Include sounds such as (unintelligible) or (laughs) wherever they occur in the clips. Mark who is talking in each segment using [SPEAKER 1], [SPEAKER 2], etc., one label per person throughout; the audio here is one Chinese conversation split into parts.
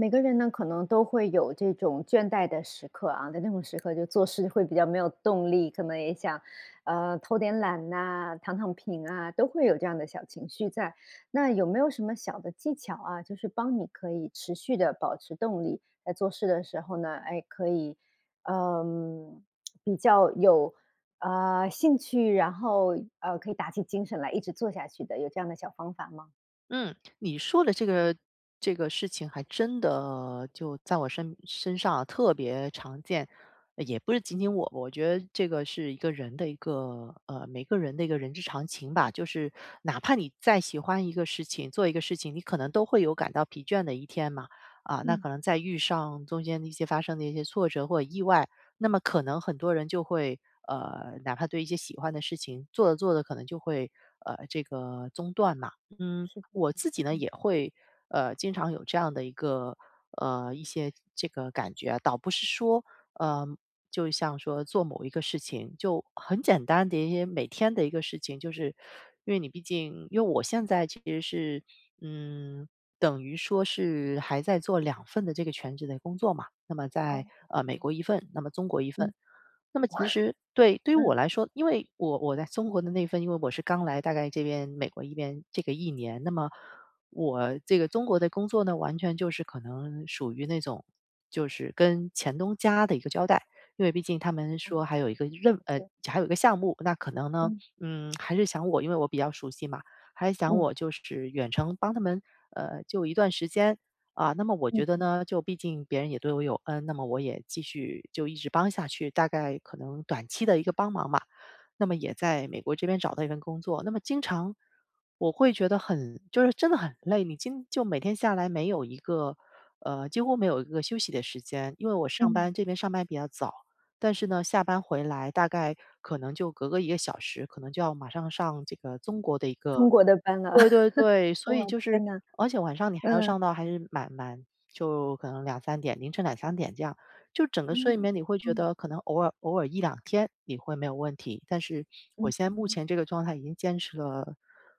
[SPEAKER 1] 每个人呢可能都会有这种倦怠的时刻啊，在这种时刻就做事会比较没有动力，可能也想呃，偷点懒呐，躺躺平啊，都会有这样的小情绪在。那有没有什么小的技巧啊，就是帮你可以持续地保持动力，在做事的时候呢，诶，可以呃，(smacks lips) 比较有呃兴趣，然后呃，可以打起精神来一直做下去的，有这样的小方法吗？
[SPEAKER 2] 嗯，你说的这个这个事情还真的就在我身身上特别常见。也不是仅仅我，我觉得这个是一个人的一个呃，每个人的一个人之常情吧。就是哪怕你再喜欢一个事情做一个事情，你可能都会有感到疲倦的一天嘛。啊，那可
[SPEAKER 1] 嗯。
[SPEAKER 2] 能再遇上中间的一些发生的一些挫折或者意外，那么可能很多人就会呃，哪怕对一些喜欢的事情做着做着可能就会，呃，这个中断嘛。嗯，
[SPEAKER 1] 是这样
[SPEAKER 2] 我
[SPEAKER 1] 子
[SPEAKER 2] 自
[SPEAKER 1] 的，
[SPEAKER 2] 己呢，
[SPEAKER 1] 嗯。
[SPEAKER 2] 也会呃，经常有这样的一个呃，一些这个感觉啊，倒不是说呃，就像说做某一个事情就很简单的一些每天的一个事情，就是因为你毕竟因为我现在其实是嗯，等于说是还在做2份的这个全职的工作嘛。那么
[SPEAKER 1] 哦，
[SPEAKER 2] 在呃美
[SPEAKER 1] 哦。
[SPEAKER 2] 国一份，那么中国一份。
[SPEAKER 1] 嗯，
[SPEAKER 2] 那么其实对对于
[SPEAKER 1] 嗯。
[SPEAKER 2] 我来说，因为我我在中国的那份，因为我是刚来大概这边美国一边这个1年，那么我这个中国的工作呢完全就是可能属于那种，就是跟前东家的一个交代。因为毕竟他们说还有一个任呃，
[SPEAKER 1] (unintelligible)
[SPEAKER 2] 还有一个项目，那可能呢，
[SPEAKER 1] 嗯。
[SPEAKER 2] 嗯，还是想我因为我比较熟悉嘛，还想
[SPEAKER 1] 嗯。
[SPEAKER 2] 我就是远程帮他们呃就一段时间。啊，那么我
[SPEAKER 1] 嗯
[SPEAKER 2] 觉得
[SPEAKER 1] 哼。
[SPEAKER 2] 呢，就毕竟别人也对我有恩，那么我也继续就一直帮下去，大概可能短期的一个帮忙嘛。那么也在美国这边找到一份工作，那么经常我会觉得很就是真的很累。你今就每天下来没有一个呃，几乎没有一个休息的时间。因为我上
[SPEAKER 1] 嗯。
[SPEAKER 2] 班这边上班比较早，但是呢下班回来大概可能就隔个1个小时，可能就要马上上这个中国的一
[SPEAKER 1] 中
[SPEAKER 2] 个
[SPEAKER 1] 国的班了，
[SPEAKER 2] 对对
[SPEAKER 1] (chuckles)
[SPEAKER 2] 对。所以
[SPEAKER 1] 哇，
[SPEAKER 2] 就是
[SPEAKER 1] 天哪，
[SPEAKER 2] 而且晚上你还要
[SPEAKER 1] 嗯。
[SPEAKER 2] 上到还是蛮蛮，就可能2-3点，凌晨2-3点这样。就整个
[SPEAKER 1] 真的
[SPEAKER 2] 睡眠，
[SPEAKER 1] 吗？
[SPEAKER 2] 你会觉
[SPEAKER 1] 嗯。
[SPEAKER 2] 得可能偶尔偶尔1-2天你会没有问题，但是我
[SPEAKER 1] 嗯
[SPEAKER 2] 现在目
[SPEAKER 1] 哼。
[SPEAKER 2] 前这个状态已经坚持了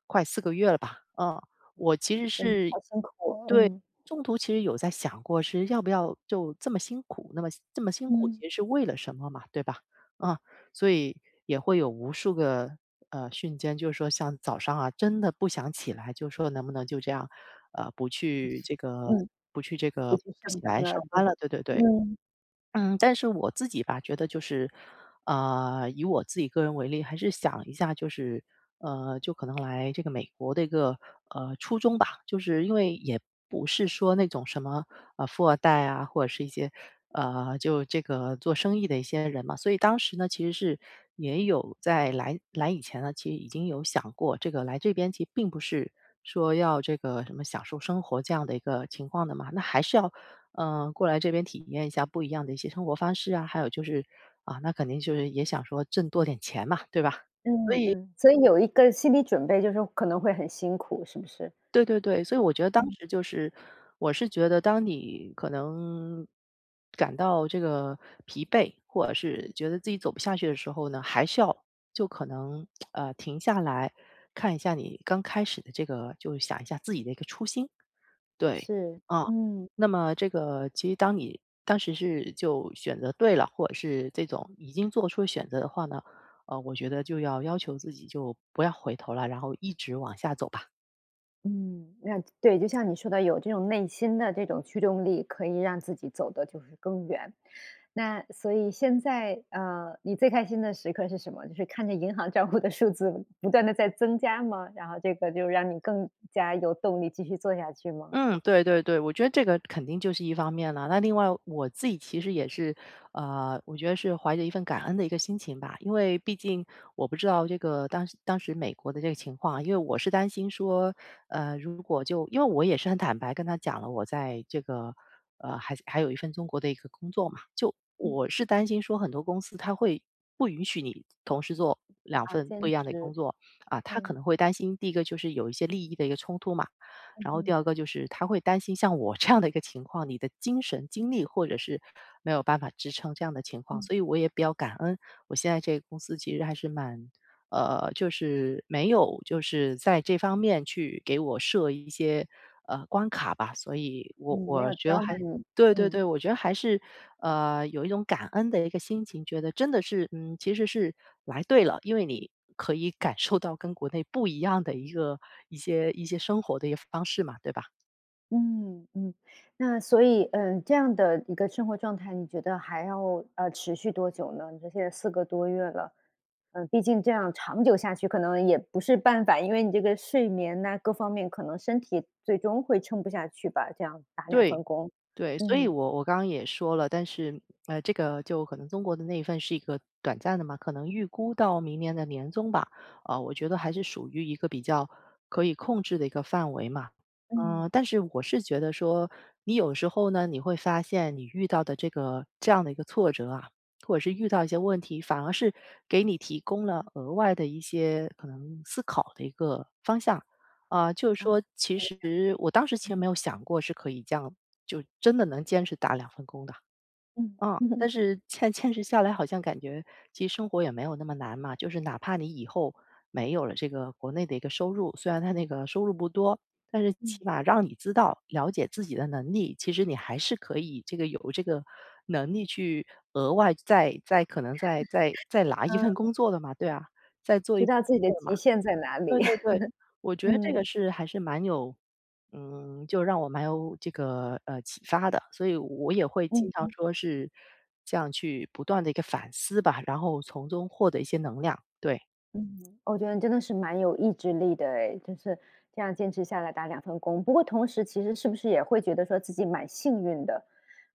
[SPEAKER 2] 快4个月了吧。嗯，
[SPEAKER 1] 哦，
[SPEAKER 2] 我其
[SPEAKER 1] 啊，
[SPEAKER 2] 实
[SPEAKER 1] 真的
[SPEAKER 2] 是
[SPEAKER 1] 好辛苦。
[SPEAKER 2] 对，
[SPEAKER 1] 嗯。
[SPEAKER 2] 中途其实有在想过是要不要就这么辛苦？那么这么辛苦，
[SPEAKER 1] 嗯。
[SPEAKER 2] 其实是为了什么嘛对吧？啊，所以也会有无数个呃，瞬间就是说像早上啊真的不想起来，就说能不能就这样呃，不去这个
[SPEAKER 1] 嗯，
[SPEAKER 2] 不去这
[SPEAKER 1] 不
[SPEAKER 2] 个
[SPEAKER 1] 去
[SPEAKER 2] 不
[SPEAKER 1] 上
[SPEAKER 2] 起来
[SPEAKER 1] 班
[SPEAKER 2] 上
[SPEAKER 1] 了。对，
[SPEAKER 2] 班了，对对对，
[SPEAKER 1] 嗯。
[SPEAKER 2] 嗯。(swallows) 但是我自己吧，觉得就是呃，以我自己个人为例，还是想一下就是呃，就可能来这个美国的一个呃初衷吧，就是因为也不是说那种什么呃富二代啊，或者是一些呃，就这个做生意的一些人嘛。所以当时呢，其实是也有在来来以前呢，其实已经有想过，这个来这边其实并不是说要这个什么享受生活这样的一个情况的嘛，那还是要呃，过来这边体验一下不一样的一些生活方式啊，还有就是啊，那肯定就是也想说挣多点钱嘛，对吧？
[SPEAKER 1] 嗯，
[SPEAKER 2] 所以
[SPEAKER 1] 嗯，所以有一个心理准备，就是可能会很辛苦，是不是？
[SPEAKER 2] 对对对，所以我觉得当
[SPEAKER 1] 嗯。
[SPEAKER 2] 时就是我是觉得当你可能感到这个疲惫，或者是觉得自己走不下去的时候呢，还是要就可能 (smacks lips) 呃，停下来看一下你刚开始的这个就想一下自己的一个初心。对，
[SPEAKER 1] 是，
[SPEAKER 2] 啊，
[SPEAKER 1] 嗯。
[SPEAKER 2] 那么这个其实当你当时是就选择对了，或者是这种已经做出选择的话呢，呃，我觉得就要要求自己就不要回头了，然后一直往下走吧。
[SPEAKER 1] 嗯，呃，对，就像你说的有这种内心的这种驱动力，可以让自己走得就是更远。那所以现在呃，你最开心的时刻是什么？就是看着银行账户的数字不断地在增加吗，然后这个就让你更加有动力继续做下去吗？
[SPEAKER 2] 嗯，对对对，我觉得这个肯定就是一方面了。那另外我自己其实也是呃，我觉得是怀着一份感恩的一个心情吧。因为毕竟我不知道这个当当时美国的这个情况，因为我是担心说，呃，如果就因为我也是很坦白跟他讲了，我在这个呃，还还有一份中国的一个工作嘛，就
[SPEAKER 1] 嗯。
[SPEAKER 2] 我是担心说很多公司他会不允许你同时做2
[SPEAKER 1] 啊，
[SPEAKER 2] 份不
[SPEAKER 1] 兼
[SPEAKER 2] 一样的工
[SPEAKER 1] 职，
[SPEAKER 2] 作啊。他可能
[SPEAKER 1] 嗯。
[SPEAKER 2] 会担心第一个就是有一些利益的一个冲突嘛。
[SPEAKER 1] 嗯
[SPEAKER 2] 然后第
[SPEAKER 1] 哼。
[SPEAKER 2] 2个就是他会担心像我这样的一个情况，你的精神、精力或者是没有办法支撑这样的情况，
[SPEAKER 1] 嗯。
[SPEAKER 2] 所以我也比较感恩。我现在这个公司其实还是蛮呃，就是没有就是在这方面去给我设一些呃关卡吧。所以我
[SPEAKER 1] 嗯，没
[SPEAKER 2] 我
[SPEAKER 1] 有
[SPEAKER 2] 觉得
[SPEAKER 1] 刁难
[SPEAKER 2] 还
[SPEAKER 1] 你，
[SPEAKER 2] 对对对，
[SPEAKER 1] 嗯。
[SPEAKER 2] 我觉得还是呃，有一种感恩的一个心情，觉得真的是嗯，其实是来对了，因为你可以感受到跟国内不一样的一个一些一些生活的一个方式嘛，对吧？
[SPEAKER 1] 嗯，嗯，那所以呃，这样的一个生活状态，你觉得还要，呃，持续多久呢？你说现在4个多月了，呃，毕竟这样长久下去可能也不是办法，因为你这个睡眠呐，各方面可能身体最终会撑不下去吧？这样打2
[SPEAKER 2] 对，
[SPEAKER 1] 份工，
[SPEAKER 2] 对，所以
[SPEAKER 1] 嗯。
[SPEAKER 2] 我我刚刚也说了。但是呃，这个就可能中国的那一份是一个短暂的嘛，可能预估到明年的年终吧，啊，我觉得
[SPEAKER 1] 啊。
[SPEAKER 2] 还是属于一个比较可以控制的一个范围嘛。
[SPEAKER 1] 嗯。
[SPEAKER 2] 呃，但是我是觉得说你有时候呢，你会发现你遇到的这个这样的一个挫折啊，或者是遇到一些问题，反而是给你提供了额外的一些可能思考的一个方向。啊，就是
[SPEAKER 1] 呃。
[SPEAKER 2] 说，其实我当
[SPEAKER 1] (unintelligible)
[SPEAKER 2] 时其实
[SPEAKER 1] 嗯。
[SPEAKER 2] 没有想过是可以这样，就真的能坚持打2份工的。
[SPEAKER 1] 嗯。
[SPEAKER 2] 啊，
[SPEAKER 1] (laughs)
[SPEAKER 2] 但是坚坚持下来，好像感觉其实生活也没有那么难嘛，就是哪怕你以后没有了这个国内的一个收入，虽然他那个收入不多。但是
[SPEAKER 1] 嗯。
[SPEAKER 2] 起码让你知道，了解自己的能力，其实你还是可以这个有这个能力去额外再再可能再再再
[SPEAKER 1] (laughs)
[SPEAKER 2] 拿一份
[SPEAKER 1] 嗯。
[SPEAKER 2] 工作的嘛，对啊。再做
[SPEAKER 1] 知道自己
[SPEAKER 2] (unintelligible)
[SPEAKER 1] 的
[SPEAKER 2] 工作
[SPEAKER 1] 极
[SPEAKER 2] 嘛。
[SPEAKER 1] 限在哪
[SPEAKER 2] 对
[SPEAKER 1] 里。
[SPEAKER 2] 对对，
[SPEAKER 1] (laughs)
[SPEAKER 2] 我觉得这个
[SPEAKER 1] 嗯。
[SPEAKER 2] 是还是蛮有，嗯，就让我蛮有这个呃，启发的，所以我我也会
[SPEAKER 1] 嗯
[SPEAKER 2] 经常
[SPEAKER 1] 哼。
[SPEAKER 2] 说是这样去不断地一个反思吧，然后从中获得一些能量，对。
[SPEAKER 1] 嗯，我觉得你真的是蛮有意志力的诶，就是这样坚持下来打2份工。不过同时其实是不是也会觉得说自己蛮幸运的？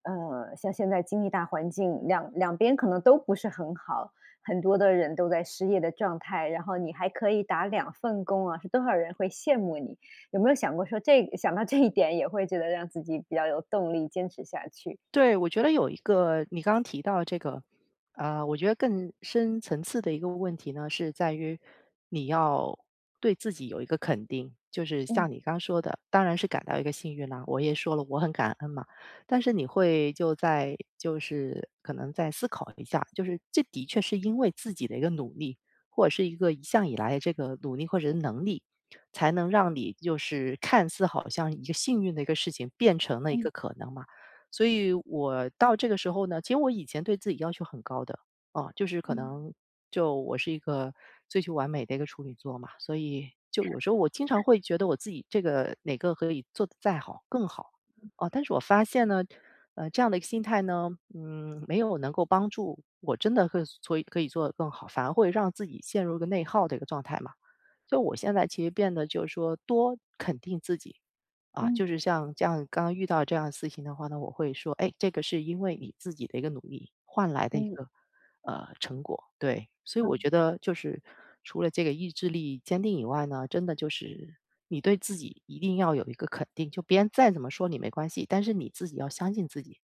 [SPEAKER 1] 呃，像现在经济大环境，22边可能都不是很好，很多的人都在失业的状态，然后你还可以打2份工啊，是多少人会羡慕你。有没有想过说这一想到这一点也会觉得让自己比较有动力坚持下去？
[SPEAKER 2] 对，我觉得有一个你刚刚提到的这个，呃，我觉得更深层次的一个问题呢，是在于你要对自己有一个肯定。就是
[SPEAKER 1] 嗯。
[SPEAKER 2] 像你刚说的，当然是感到一个幸运了，我也说了我很感恩嘛。但是你会就再就是可能再思考一下，就是这的确是因为自己的一个努力或者是一个一向以来的这个努力或者能力，才能让你就是看似好像一个幸运的一个事情变成了一
[SPEAKER 1] 嗯。
[SPEAKER 2] 个可能嘛。所以我到这个时候呢，其实我以前对自己要求很高的，啊，就是可
[SPEAKER 1] 嗯。
[SPEAKER 2] 能就我是一个追求完美的一个处女座嘛。所以就有时候我经常
[SPEAKER 1] (chuckles)
[SPEAKER 2] 会觉得我自己这个哪个可以做得再好更好，
[SPEAKER 1] 嗯。
[SPEAKER 2] 啊，但是我发现呢，呃，这样的一个心态呢，嗯，没有能够帮助我真的可以做可以做得更好，反而会让自己陷入一个内耗的一个状态嘛。所以我现在其实变得就是说多肯定自己，啊，
[SPEAKER 1] 嗯。
[SPEAKER 2] 就是像这样刚刚遇到这样的事情的话呢，我会说，诶，这个是因为你自己的一个努力换来的一
[SPEAKER 1] 嗯。
[SPEAKER 2] 个，呃，成果，对。所以我觉
[SPEAKER 1] 嗯。
[SPEAKER 2] 得就是除了这个意志力坚定以外呢，真的就是你对自己一定要有一个肯定，就别人再怎么说你没关系，但是你自己要相信自己。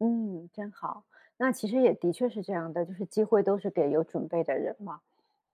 [SPEAKER 1] 嗯，真好。那其实也的确是这样的，就是机会都是给有准备的人嘛。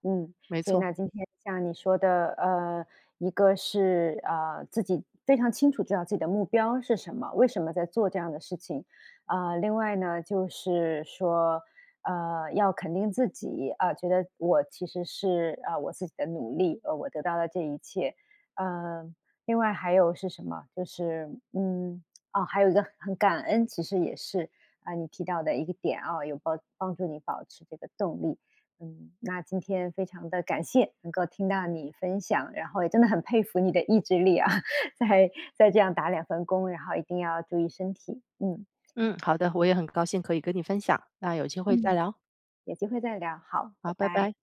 [SPEAKER 1] 嗯，
[SPEAKER 2] 没
[SPEAKER 1] 所以
[SPEAKER 2] 错。
[SPEAKER 1] 呢，今天像你说的，呃，一个是，呃，自己非常清楚知道自己的目标是什么，为什么在做这样的事情。呃，另外呢，就是说，呃，要肯定自己，啊，觉得我其实是，啊，我自己的努力，呃，我得到了这一切。呃，另外还有是什么，就是，嗯，哦，还有一个很感恩，其实也是，啊，你提到的一个点啊，有帮帮助你保持这个动力。嗯，那今天非常地感谢能够听到你分享，然后也真的很佩服你的意志力啊，(laughs) 在在这样打2份工，然后一定要注意身体，嗯。
[SPEAKER 2] 嗯，好的。我也很高兴可以跟你分享，那有机会再
[SPEAKER 1] 嗯，
[SPEAKER 2] 聊。
[SPEAKER 1] 有机会再聊。好，
[SPEAKER 2] 好，
[SPEAKER 1] 拜
[SPEAKER 2] 拜
[SPEAKER 1] 拜。
[SPEAKER 2] 拜。